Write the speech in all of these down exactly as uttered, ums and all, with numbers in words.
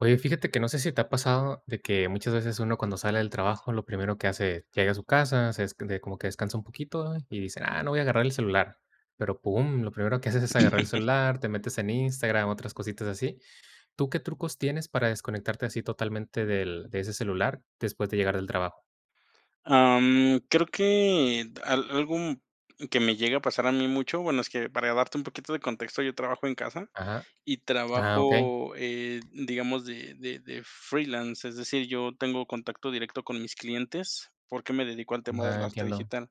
Oye, fíjate que no sé si te ha pasado de que muchas veces uno, cuando sale del trabajo, lo primero que hace es, llega a su casa, se es de como que descansa un poquito y dicen: "Ah, no, voy a agarrar el celular", pero, pum, lo primero que haces es agarrar el celular, te metes en Instagram, otras cositas así. ¿Tú qué trucos tienes para desconectarte así totalmente del de ese celular después de llegar del trabajo? Am, creo que al algo que me llegue a pasar a mí mucho bueno, es que para darte un poquito de contexto, yo trabajo en casa, Ajá, y ah, okey. trabajo, eh, digamos, de de de freelance. Es decir, yo tengo contacto directo con mis clientes, porque me dedico al tema del Ah, arte entiendo. digital.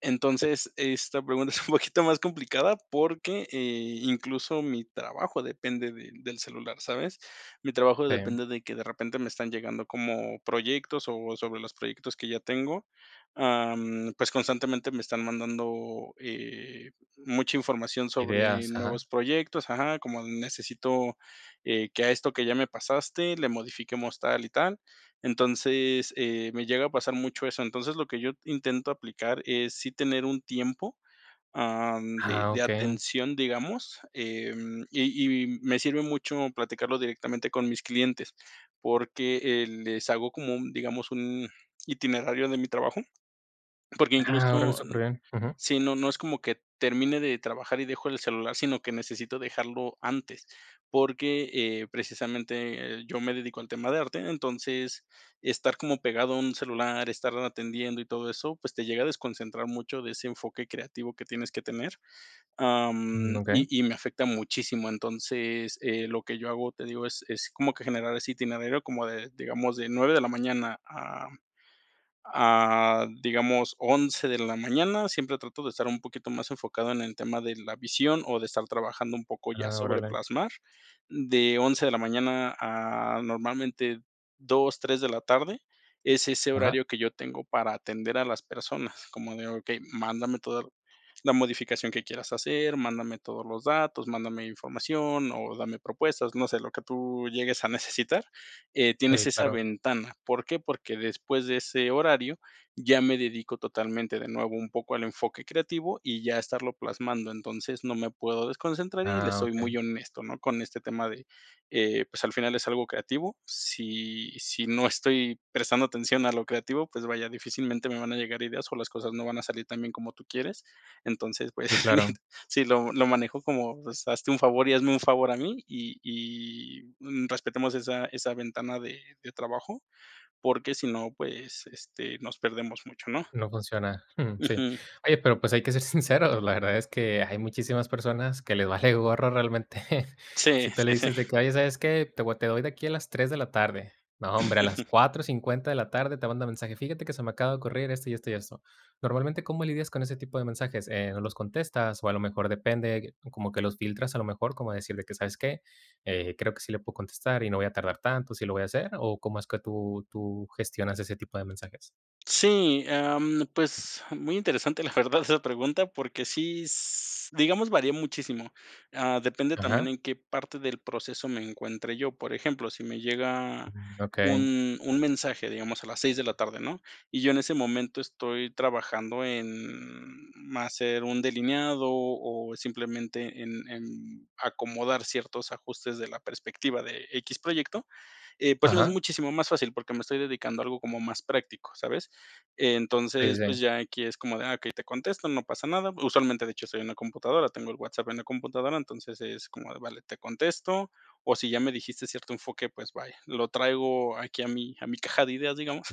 Entonces, esta pregunta es un poquito más complicada porque, eh, incluso mi trabajo depende de del celular, ¿sabes? Mi trabajo Sí. depende de que de repente me están llegando como proyectos, o sobre los proyectos que ya tengo. Am, pues, constantemente me están mandando, eh, mucha información sobre Ideas, ajá. nuevos proyectos, ajá, como: “Necesito, eh, que a esto que ya me pasaste le modifiquemos tal y tal”. Entonces, eh, me llega a pasar mucho eso. Entonces, lo que yo intento aplicar es sí tener un tiempo, am, de Ah, de okey. atención, digamos, em, y y me sirve mucho platicarlo directamente con mis clientes, porque, eh, les hago como, un digamos, un itinerario de mi trabajo, porque Ah, órale, incluso, súper bien, ujú. sí, no no es como que termine de trabajar y dejo el celular, sino que necesito dejarlo antes, porque, eh, precisamente, eh, yo me dedico al tema de arte. Entonces, estar como pegado a un celular, estar atendiendo y todo eso, pues te llega a desconcentrar mucho de ese enfoque creativo que tienes que tener, Mm. am, y Okey. y me afecta muchísimo. Entonces, eh, lo que yo hago, te digo, es es como que generar ese itinerario como de, digamos, de nueve de la mañana, a a digamos, once de la mañana, siempre trato de estar un poquito más enfocado en el tema de la visión, o de estar trabajando un poco ya Ah, sobre órale. plasmar. De once de la mañana, a normalmente dos, tres de la tarde, es ese Ajá. horario que yo tengo para atender a las personas, como de: “Okey, mándame toda la modificación que quieras hacer, mándame todos los datos, mándame información o dame propuestas, no sé, lo que tú llegues a necesitar”. Eh, tienes Sí, esa claro. ventana. ¿Por qué? Porque después de ese horario ya me dedico totalmente de nuevo un poco al enfoque creativo, y ya a estarlo plasmando. Entonces, no me puedo desconcentrar, y le Ah, soy okey. muy honesto, ¿no?, con este tema de, eh, pues, al final es algo creativo. Si si no estoy prestando atención a lo creativo, pues, vaya, difícilmente me van a llegar ideas, o las cosas no van a salir tan bien como tú quieres. Entonces, pues, Sí, claro. sí, lo lo manejo como: “Pues, hazte un favor, y hazme un favor a mí, y y, mm, respetemos esa esa ventana de de trabajo”, porque si no, pues, este, nos perdemos mucho, ¿no? No funciona, mm, sí. Ujú Oye, pero pues hay que ser sincero. La verdad es que hay muchísimas personas que le vale gorro realmente. Sí, Si tú le sí, sí. dices de que: “Oye, ¿sabes qué? Te voy a te doy de aquí a las tres de la tarde”, no, hombre, a las cuatro cincuenta de la tarde te manda mensaje: “Fíjate que se me acaba de ocurrir esto, y esto, y esto”. Normalmente, ¿cómo lidias con ese tipo de mensajes? Eh, ¿no los contestas? O a lo mejor depende, eh, como que los filtras a lo mejor, como decir de que: “¿Sabes qué? Eh, creo que sí le puedo contestar y no voy a tardar tanto, sí lo voy a hacer”, o ¿cómo es que tú tú gestionas ese tipo de mensajes? Sí, am, pues muy interesante, la verdad, esa pregunta, porque sí, s digamos, varía muchísimo. Ah, depende también Ajá. en qué parte del proceso me encuentre yo. Por ejemplo, si me llega Okey. un un mensaje, digamos, a las seis de la tarde, ¿no?, y yo en ese momento estoy trabajando en, ma hacer un delineado o simplemente en en acomodar ciertos ajustes de la perspectiva de X proyecto, eh, pues no es Ajá. muchísimo más fácil, porque me estoy dedicando a algo como más práctico, ¿sabes? Sí, Entonces, pues sí. ya aquí es como de ah, okey, te contesto, no pasa nada. Usualmente, de hecho, estoy en la computadora, tengo el WhatsApp en la computadora, entonces es como de vale, te contesto, o si ya me dijiste cierto enfoque, pues, vaya, lo traigo aquí a mi a mi caja de ideas, digamos,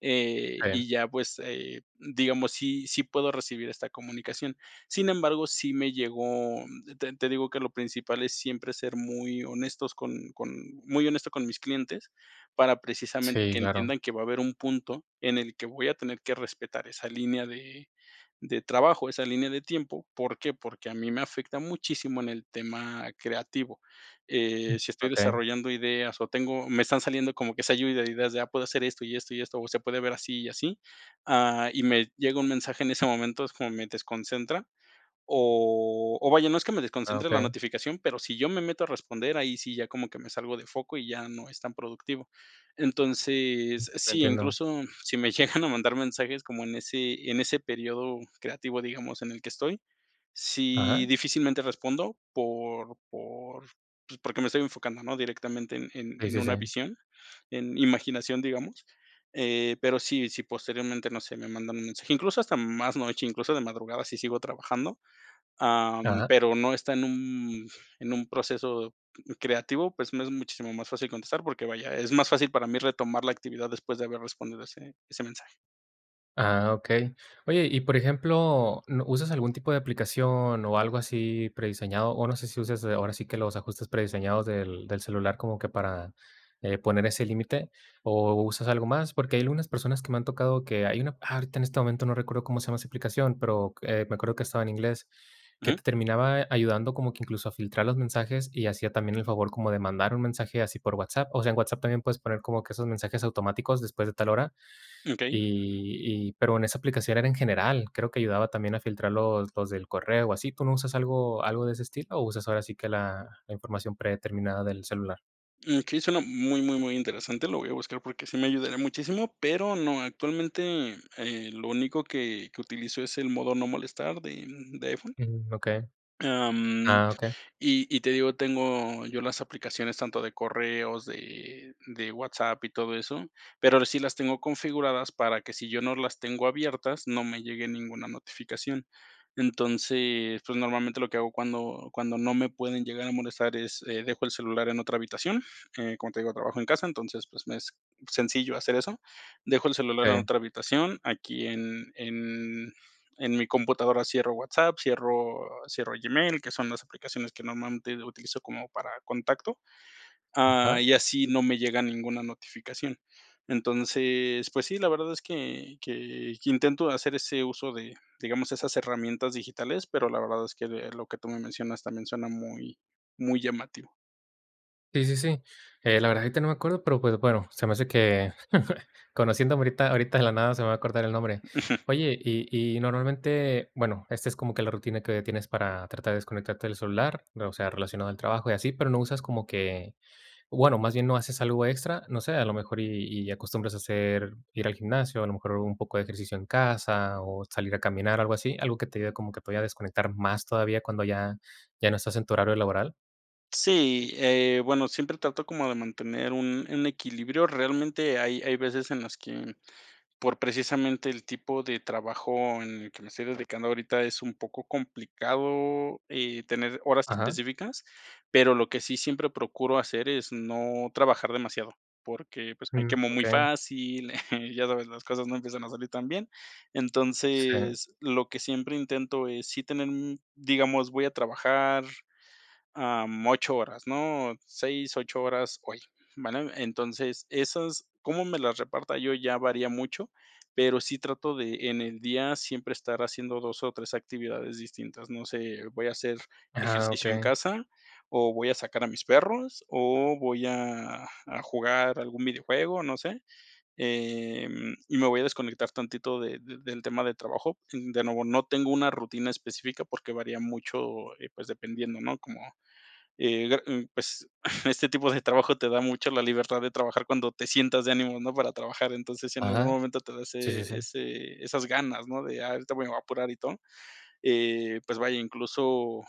eh, [unintelligible] y ya pues, eh, digamos, sí sí puedo recibir esta comunicación. Sin embargo, sí me llegó te te digo que lo principal es siempre ser muy honestos con con muy honesto con mis clientes, para precisamente Sí, que claro. entiendan que va a haber un punto en el que voy a tener que respetar esa línea de de trabajo, esa línea de tiempo. ¿Por qué? Porque a mí me afecta muchísimo en el tema creativo. Eh, si estoy Okey. desarrollando ideas o tengo me están saliendo como que esa ayuda de ideas de ah, puedo hacer esto y esto y esto, o se puede ver así y así, ah, y me llega un mensaje en ese momento, es como me desconcentra. O o vaya, no es que me Ah, desconcentre la okey. notificación, pero si yo me meto a responder, ahí sí ya como que me salgo de foco y ya no es tan productivo. Entonces, Lo sí, entiendo. incluso si me llegan a mandar mensajes como en ese en ese periodo creativo, digamos, en el que estoy, sí Ajá. difícilmente respondo por por pues, porque me estoy enfocando, ¿no? Directamente en en Sí, en sí, una sí. visión, en imaginación, digamos, eh, pero si si posteriormente, no sé, me mandan un mensaje, incluso hasta más noche, incluso de madrugada si sigo trabajando, am, Ajá. pero no está en un en un proceso c creativo, pues me es muchísimo más fácil contestar, porque vaya, es más fácil para mí retomar la actividad después de haber respondido ese ese mensaje. Ah, okey. Oye, y por ejemplo, ¿n usas algún tipo de aplicación, o algo así prediseñado? O no sé si uses, ahora sí que, los ajustes prediseñados del del celular como que para, eh, poner ese límite, ¿o usas algo más? Porque hay algunas personas que me han tocado que hay una ¡Ah! Ahorita en este momento no recuerdo cómo se llama esa aplicación, pero qu me acuerdo que estaba en inglés, que te Ujú. terminaba ayudando como que incluso a filtrar los mensajes, y hacía también el favor como de mandar un mensaje así por WhatsApp. O sea, en WhatsApp también puedes poner como que esos mensajes automáticos después de tal hora. Mm, okey. Y y pero en esa aplicación era en general. Creo que ayudaba también a filtrar los los del correo o así. ¿Tú no usas algo algo de ese estilo, o usas ahora sí que la la información predeterminada del celular? Mm, okey, suena muy, muy, muy interesante, lo voy a buscar porque sí me ayudaría muchísimo, pero no, actualmente, eh, lo único que que utilizo es el modo no molestar de de iPhone. Mm, okey. Am, Ah, okey. y y te digo, tengo yo las aplicaciones tanto de correos, de de WhatsApp y todo eso, pero ahora sí las tengo configuradas para que, si yo no las tengo abiertas, no me llegue ninguna notificación. Entonces, pues, normalmente lo que hago cuando cuando no me pueden llegar a molestar es, eh, dejo el celular en otra habitación, eh, como te digo, trabajo en casa, entonces, pues, me es sencillo hacer eso. Dejo el celular en Sí. otra habitación, aquí en en en mi computadora cierro WhatsApp, cierro cierro Gmail, que son las aplicaciones que normalmente utilizo como para contacto, ah, Ajá. y así no me llega ninguna notificación. Entonces, pues sí, la verdad es que que que intento hacer ese uso de, digamos, esas herramientas digitales, pero la verdad es, que, eh, lo que tú me mencionas también suena muy muy llamativo. Sí, sí, sí. Eh, la verdad, ahorita no me acuerdo, pero pero, bueno, se me hace que conociéndome ahorita, ahorita de la nada se me va a acordar el nombre. Ujú. Oye, y y normalmente, bueno, esta es como que la rutina que tienes para tratar de desconectarte del celular, ¿no?, o sea, relacionado al trabajo y así, pero, ¿no usas como que bueno, más bien, no haces algo extra, no sé, a lo mejor y y acostumbras a hacer ir al gimnasio, a lo mejor un poco de ejercicio en casa o salir a caminar, algo así? ¿Algo que te ayude, como que todavía a desconectar más todavía cuando ya ya no estás en tu horario laboral? Sí, eh, bueno, siempre trato como de mantener un un equilibrio, realmente hay hay veces en las que, por precisamente el tipo de trabajo en el que me estoy dedicando ahorita es un poco complicado, eh, tener horas Ajá. específicas, pero lo que sí siempre procuro hacer es no trabajar demasiado, porque pues me Uh, quemo muy okey. fácil, ya sabes, las cosas no empiezan a salir tan bien. Sí. Entonces, lo que siempre intento es sí tener, un digamos, voy a trabajar, ah, ocho horas, ¿no?, seis, ocho horas hoy, ¿vale? Entonces, esas, cómo me las reparta yo ya varía mucho, pero sí trato de en el día siempre estar haciendo dos o tres actividades distintas, no sé, voy a hacer Ajá, ejercicio en okey. casa, o voy a sacar a mis perros, o voy a a jugar a algún videojuego, no sé, eh, y me voy a desconectar tantito de de del tema de trabajo. De nuevo, no tengo una rutina específica porque varía mucho, eh, pues dependiendo, ¿no? Como, eh, dar uh, pues, este tipo de trabajo te da mucho la libertad de trabajar cuando te sientas de ánimo, ¿no?, para trabajar, entonces si en algún Ajá. momento te da Sí, sí, sí. ese ese esas ganas, ¿no? De: "Ay, ahorita me voy a apurar y todo", eh, pues vaya, incluso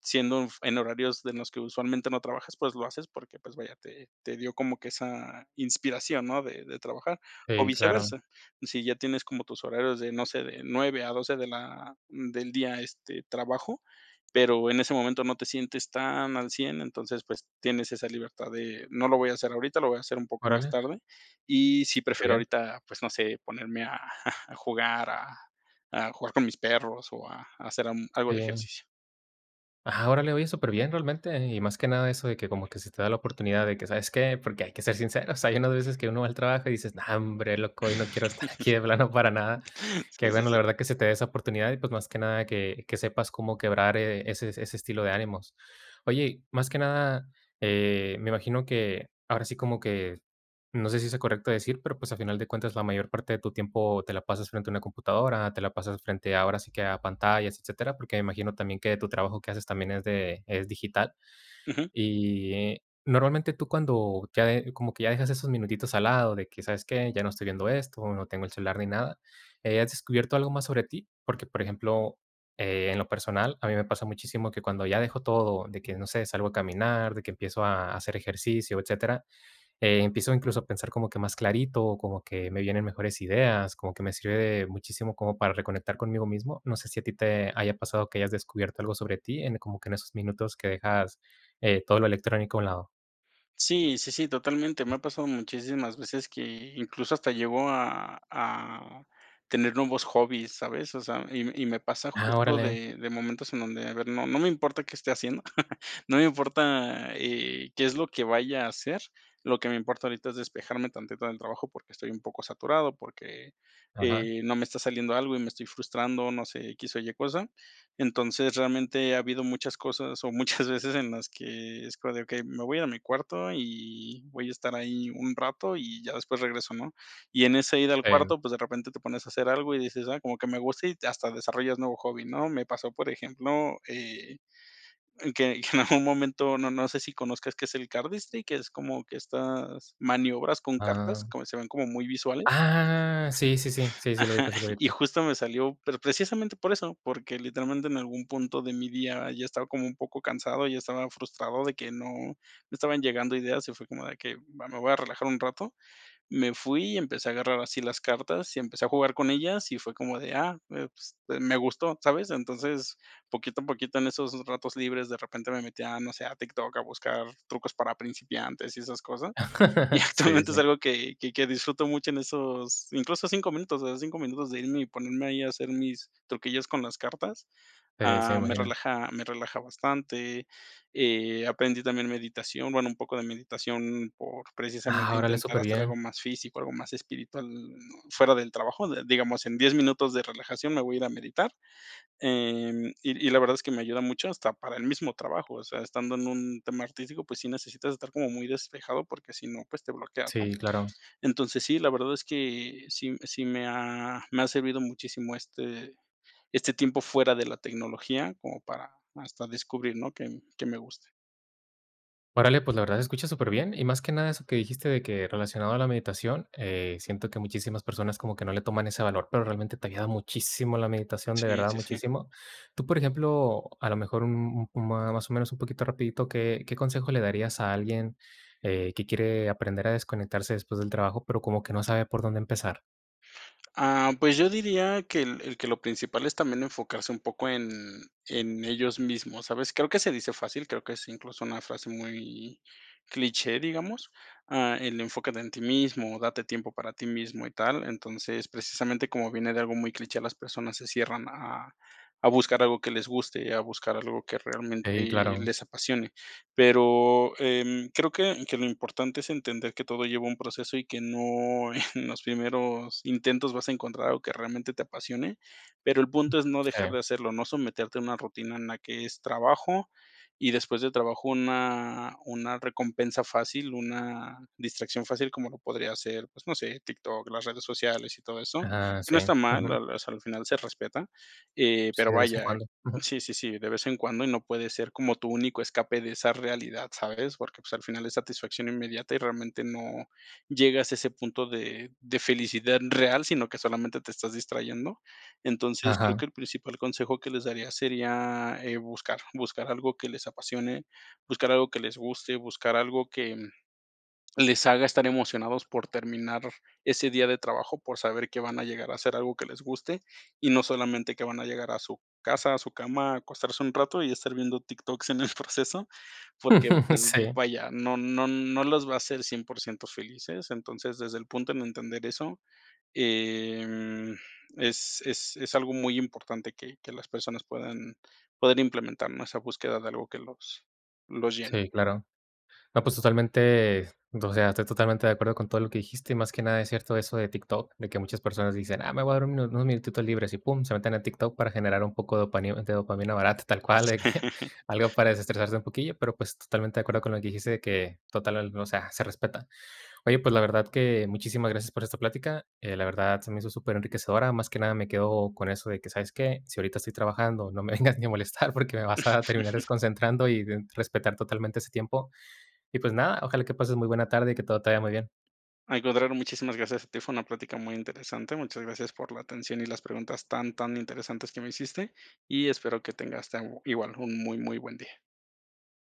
siendo en f en horarios de los que usualmente no trabajas, pues lo haces porque, pues vaya, te te dio como que esa inspiración, ¿no? De de trabajar, o Sí, claro. viceversa. Si ya tienes como tus horarios de, no sé, de nueve a doce de la del día, este, trabajo, pero en ese momento no te sientes tan al cien, entonces, pues, tienes esa libertad de: "No lo voy a hacer ahorita, lo voy a hacer un poco más Órale. tarde, y si Qué prefiero bien. ahorita, pues, no sé, ponerme a a jugar a a jugar con mis perros o a hacer, mm, algo de Sí. ejercicio". Ajá, órale. Oye, superbién realmente. Y más que nada eso de que como que se te da la oportunidad de que, ¿sabes qué? Porque hay que ser sinceros, hay unas veces que uno va al trabajo y dices: "No, hombre loco, hoy no quiero estar aquí de plano para nada". Qué Sí, sí, bueno sí. la verdad que se te de esa oportunidad, y pues más que nada que que sepas cómo quebrar, eh, ese ese estilo de ánimos. Oye, más que nada, eh, me imagino que ahora sí como que, no sé si sea correcto decir, pero, pues, a final de cuentas la mayor parte de tu tiempo te la pasas frente a una computadora, te la pasas frente ahora sí que a pantallas, etcétera. Porque me imagino también que tu trabajo que haces también es de es digital. Ujú. Y normalmente, tú cuando ya de como que ya dejas esos minutitos al lado de que, ¿sabes qué?, ya no estoy viendo esto, no tengo el celular ni nada, eh, ¿has descubierto algo más sobre ti? Porque, por ejemplo, eh, en lo personal, a mí me pasa muchísimo que cuando ya dejo todo de que no sé, salgo a caminar, de que empiezo a hacer ejercicio, etcétera, eh, empiezo incluso a pensar como que más clarito, como que me vienen mejores ideas, como que me sirve de muchísimo como para reconectar conmigo mismo. No sé si a ti te haya pasado, que hayas descubierto algo sobre ti en como que en esos minutos que dejas, eh, todo lo electrónico a un lado. Sí, sí, sí, totalmente. Me ha pasado muchísimas veces que, incluso, hasta llego a a tener nuevos hobbies, ¿sabes? O sea, y y me pasa Ah, justo órale. de de momentos en donde, a ver, no no me importa qué esté haciendo, no me importa, eh, qué es lo que vaya a hacer. Lo que me importa ahorita es despejarme tantito del trabajo porque estoy un poco saturado porque, Ajá. eh, no me está saliendo algo y me estoy frustrando, no sé, x o y cosa. Entonces, realmente ha habido muchas cosas, o muchas veces en las que es como de: "Okey, me voy a mi cuarto y voy a estar ahí un rato y ya después regreso", ¿no? Y en ese ir al Em. cuarto, pues, de repente te pones a hacer algo y dices: "Ay, como que me gusta", y hasta desarrollas nuevo hobby, ¿no? Me pasó, por ejemplo, eh, que que en algún momento, no no sé si conozcas qué es el cardistry, que es como que estas maniobras con cartas, Ah. como que se ven como muy visuales. Ah, sí, sí, sí, sí. Sí lo Ajá. ubico, sí lo Y ubico. justo me salió, pero precisamente por eso, porque literalmente en algún punto de mi día ya estaba como un poco cansado, ya estaba frustrado de que no no estaban llegando ideas y fue como de que: "Va, me voy a relajar un rato". Me fui y empecé a agarrar así las cartas y empecé a jugar con ellas, y fue como de: "Ah, eh, pues de me gustó", ¿sabes? Entonces, poquito a poquito en esos ratos libres de repente me metía a, no sé, a TikTok a buscar trucos para principiantes y esas cosas. Y Sí, actualmente es sí. algo que que que disfruto mucho en esos incluso cinco minutos, o sea, cinco minutos de irme y ponerme ahí a hacer mis truquillos con las cartas, Eh, sí, me ah, me imagino. relaja me relaja bastante. Eh, aprendí también meditación, bueno, un poco de meditación por, Ah, precisamente, órale, intentar hacer algo superbién. más físico, algo más espiritual, no fuera del trabajo, digamos, en diez minutos de relajación me voy a ir a meditar. Em, y y la verdad es que me ayuda mucho hasta para el mismo trabajo, o sea, estando en un tema artístico, pues sí necesitas estar como muy despejado, porque si no, pues te bloqueas, ¿no? Sí, claro. Entonces, sí, la verdad es que sí sí me ha me ha servido muchísimo este este tiempo fuera de la tecnología, como para hasta descubrir, ¿no?, que que me guste. Órale, pues la verdad se escucha superbién, y más que nada eso que dijiste de que relacionado a la meditación, eh, siento que muchísimas personas como que no le toman ese valor, pero realmente te ayuda muchísimo la meditación, de Sí, verdad sí, sí. muchísimo. Tú, por ejemplo, a lo mejor, m m más o menos un poquito rapidito, ¿qué qué consejo le darías a alguien, eh, que quiere aprender a desconectarse después del trabajo, pero como que no sabe por dónde empezar? Ah, pues yo diría que el el que lo principal es también enfocarse un poco en en ellos mismos, ¿sabes? Creo que se dice fácil, creo que es incluso una frase muy cliché, digamos, ah, el enfoque de en ti mismo, date tiempo para ti mismo y tal. Entonces, precisamente, como viene de algo muy cliché, las personas se cierran a a a buscar algo que les guste, a buscar algo que realmente Sí, claro. les apasione. Pero, em, creo que que lo importante es entender que todo lleva un proceso y que no en los primeros intentos vas a encontrar algo que realmente te apasione, pero el punto es no dejar Sí. de hacerlo, no someterte a una rutina en la que es trabajo, y después de trabajo una una recompensa fácil, una distracción fácil como lo podría ser, pues, no sé, TikTok, las redes sociales y todo eso, Ajá, que no sí, está mal, ujú. la la o sea, al final se respeta, eh, Sí, pero de vez en vaya cuando. Ujú. sí, sí, sí, de vez en cuando y no puede ser como tu único escape de esa realidad, ¿sabes? Porque, pues, al final es satisfacción inmediata y realmente no llegas a ese punto de de felicidad real, sino que solamente te estás distrayendo. Entonces, creo Ajá. que el principal consejo que les daría sería, eh, buscar. Buscar algo que les apasione, buscar algo que les guste, buscar algo que, mm, les haga estar emocionados por terminar ese día de trabajo, por saber que van a llegar a hacer algo que les guste, y no solamente que van a llegar a su casa, a su cama, a acostarse un rato y estar viendo TikToks en el proceso. Porque, pues, sí. vaya, no no no los va a hacer cien por ciento felices. Entonces, desde el punto en entender eso, em, es es es algo muy importante que que las personas puedan poder implementar, más esa búsqueda de algo que los los llene. Sí, claro. No, pues, totalmente, o sea, estoy totalmente de acuerdo con todo lo que dijiste. Y más que nada es cierto eso de TikTok, de que muchas personas dicen: "Ah, me voy a dar un unos minutitos libres", y pum, se meten en TikTok para generar un poco de dopani de dopamina barata tal cual, de que algo para destresarse un poquillo. Pero, pues, totalmente de acuerdo con lo que dijiste de que total el o sea, se respeta. Oye, pues la verdad que muchísimas gracias por esta plática. Eh, la verdad se me hizo superenriquecedora. Más que nada me quedo con eso de que, ¿sabes qué? Si ahorita estoy trabajando, no me vengas ni a molestar porque me vas a terminar desconcentrando y d respetar totalmente ese tiempo. Y pues nada, ojalá que pases muy buena tarde y que todo te vaya muy bien. Al contrario, muchísimas gracias a ti. Fue una plática muy interesante. Muchas gracias por la atención y las preguntas tan, tan interesantes que me hiciste, y espero que tengas tan igual un muy, muy buen día.